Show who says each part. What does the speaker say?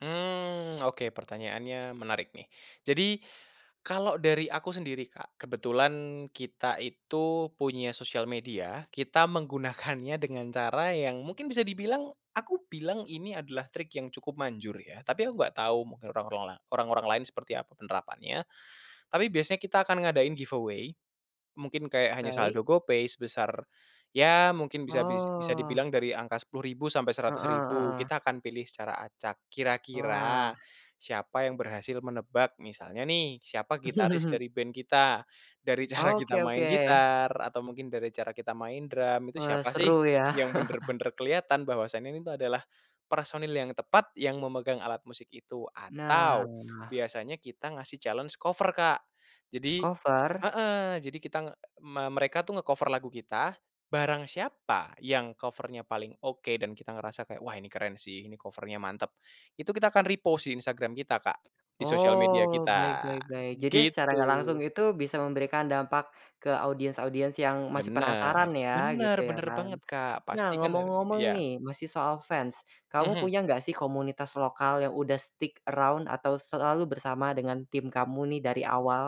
Speaker 1: Mmm, oke, pertanyaannya menarik nih. Jadi, kalo dari aku sendiri, Kak, kebetulan kita itu punya sosial media, kita menggunakannya dengan cara yang mungkin bisa dibilang, aku bilang ini adalah trik yang cukup manjur yah, tapi aku nggak tahu mungkin orang-orang la orang-orang lain seperti apa penerapannya, tapi biasanya kita akan ngadain giveaway, mungkin kayak hanya
Speaker 2: Baik.
Speaker 1: saldo GoPay sebesar, ya mungkin bisa dis bisa
Speaker 2: Oh.
Speaker 1: dibilang dari angka 10.000 sampai seratus
Speaker 2: Heeh
Speaker 1: ribu kita
Speaker 2: heeh.
Speaker 1: akan pilih secara acak,
Speaker 2: Wah.
Speaker 1: kira-kira siapa yang berhasil menebak. Misalnya nih siapa gitaris dari band kita, dari cara
Speaker 2: Oke
Speaker 1: kita main
Speaker 2: oke.
Speaker 1: gitar atau mungkin dari cara kita main drum itu
Speaker 2: Wah,
Speaker 1: siapa sih
Speaker 2: seru yah.
Speaker 1: yang bener-bener keliatan bahwasanya ini tuh adalah personil yang tepat yang memegang alat musik itu, atau
Speaker 2: Nah.
Speaker 1: biasanya kita ngasih challenge cover Kak. Jadi
Speaker 2: Cover?
Speaker 1: heeh, jadi kita nge me mereka tuh nge-cover lagu kita, barang siapa yang cover-nya paling oke dan kita ngerasa kayak, wah ini keren sih, ini cover-nya mantep, itu kita akan repost di Instagram kita, Kak, di sosial media
Speaker 2: Oh, baik
Speaker 1: kita,
Speaker 2: baik baik. Jadi secara nggak langsung
Speaker 1: gitu.
Speaker 2: itu bisa memberikan dampak ke audiens-audiens yang masih
Speaker 1: Bener
Speaker 2: penasaran ya,
Speaker 1: bener
Speaker 2: gitu ya
Speaker 1: bener
Speaker 2: kan.
Speaker 1: banget, Kak,
Speaker 2: Nah,
Speaker 1: pasti kan [unintelligible]
Speaker 2: ngomong-ngomong
Speaker 1: ya.
Speaker 2: nih masih soal fans, kamu
Speaker 1: Mhm.
Speaker 2: punya nggak sih komunitas lokal yang udah stick around atau selalu bersama dengan tim kamu nih dari awal?